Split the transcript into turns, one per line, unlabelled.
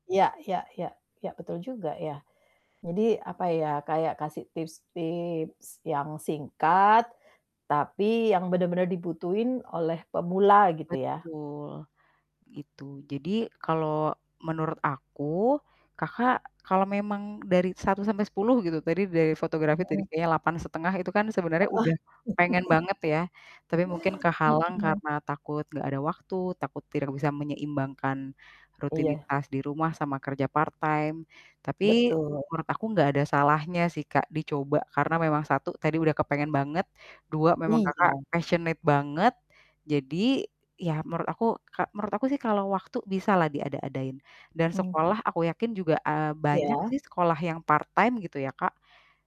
Ya ya ya, ya betul juga ya, jadi apa ya, kayak kasih tips-tips yang singkat, tapi yang benar-benar dibutuhin oleh pemula gitu ya.
Betul, itu. Jadi kalau menurut aku, Kakak kalau memang dari 1-10 gitu, tadi dari fotografi tadi
Mhm.
kayaknya 8,5 itu kan sebenarnya,
Heeh.
udah pengen banget ya. Tapi mungkin kehalang
Mhm.
karena takut nggak ada waktu, takut tidak bisa menyeimbangkan
Iya.
rutinitas di rumah sama kerja part time. Tapi,
Betul.
menurut aku gak ada salahnya sih Kak, dicoba. Karena memang 1, tadi udah kepengen banget. 2, memang Kakak
Iya.
passionate banget. Jadi, ya menurut aku ka menurut aku sih kalau waktu, bisa lah diada-adain. Dan
Mmm.
sekolah, aku yakin juga, eee, banyak
Iya.
sih sekolah yang part time. gitu ya Kak.